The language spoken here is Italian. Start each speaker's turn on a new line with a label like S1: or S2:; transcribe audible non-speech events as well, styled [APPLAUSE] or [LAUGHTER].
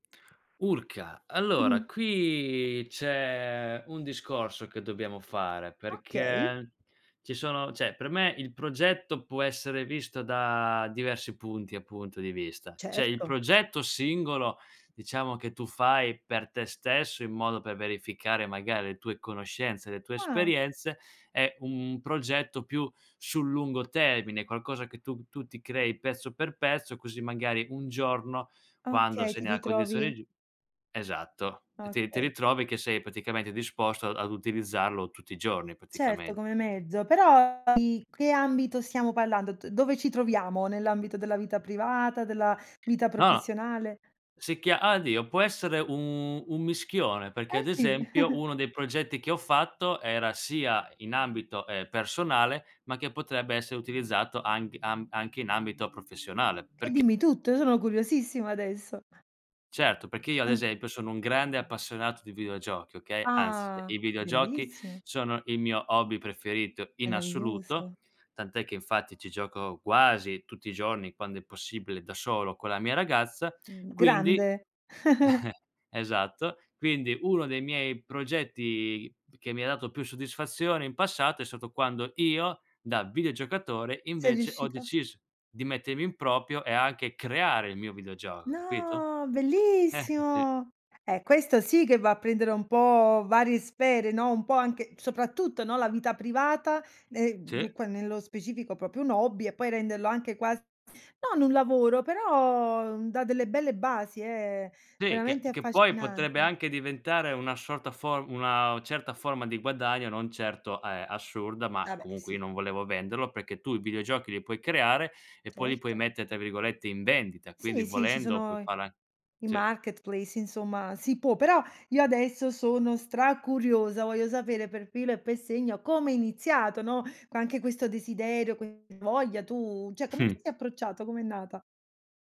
S1: Urca,
S2: Mh-mh.
S1: allora, qui c'è un discorso che dobbiamo fare,
S2: Okay.
S1: perché ci sono cioè, per me il progetto può essere visto da diversi punti, appunto, di vista. C'è il
S2: Certo.
S1: progetto singolo, diciamo, che tu fai per te stesso, in modo per verificare magari le tue conoscenze, le tue
S2: Ah.
S1: esperienze, è un progetto più sul lungo termine, qualcosa che tu tu ti crei pezzo per pezzo, così magari un giorno, quando
S2: Okay,
S1: sei
S2: ti
S1: nella
S2: ritrovi
S1: condizione giu esatto, ti ti
S2: Okay.
S1: ritrovi che sei praticamente disposto a ad utilizzarlo tutti i giorni,
S2: Certo,
S1: praticame
S2: come mezzo. Però i che ambito stiamo parlando? D dove ci troviamo? Nell'ambito della vita privata, della vita
S1: No,
S2: professionale?
S1: si chia ah dio, può essere u un mischione, perché,
S2: Eh
S1: ad
S2: sì.
S1: esempio,
S2: [CHUCKLES]
S1: uno dei progetti che ho fatto era sia in ambito, ehm, personale, ma che potrebbe essere utilizzato anc am anche in ambito professionale,
S2: E
S1: perc
S2: dimmi tutto, io sono curiosissima adesso.
S1: Certo, perché io ad
S2: [CHUCKLES]
S1: esempio sono un grande appassionato di videogiochi, okay, anzi,
S2: Ah,
S1: i videogiochi
S2: bellissimo.
S1: sono il mio hobby preferito in
S2: Meraviglioso.
S1: assoluto, tant'è che infatti ci gioco quasi tutti i giorni, quando è possibile da solo con la mia ragazza,
S2: Mh,
S1: quindi
S2: grande. [CHUCKLES]
S1: [CHUCKLES] esatto. Quindi, uno dei miei progetti che mi ha dato più soddisfazione in passato è stato quando io, da videogiocatore,
S2: Sei
S1: invece ho
S2: riuscito?
S1: deciso di mettermi in proprio e anche creare il mio videogioco, capito?
S2: No,
S1: Eh, sì.
S2: bellissimo. Eh, questo sì che va a prendere un po' varie sfere, no, un po' anche, soprattutto, no, la vita privata, ne mhmm,
S1: Sì.
S2: qua nello specifico proprio un hobby e poi renderlo anche quas non un lavoro, però dà delle belle basi, eh,
S1: Sì, che
S2: veramente
S1: che poi
S2: affascinan
S1: potrebbe anche diventare una sorta for una certa forma di guadagno, non certo, eh, assurda, ma
S2: Ah beh,
S1: comunque io
S2: sì.
S1: non volevo venderlo, perché tu i videogiochi li puoi creare e poi li puoi
S2: Certo.
S1: mette' tra virgolette, "in vendita", quindi
S2: Sì, sì, ci
S1: volendo
S2: sono
S1: puoi
S2: i
S1: fare a
S2: i
S1: sì.
S2: marketplace, insomma, si può. Però io adesso sono stracuriosa, voglio sapere per filo e per segno come è iniziato, no, co anche questo desiderio, que voglia, tu cioè come ti
S1: [CHUCKLES]
S2: sei approcciato? Com'è nata?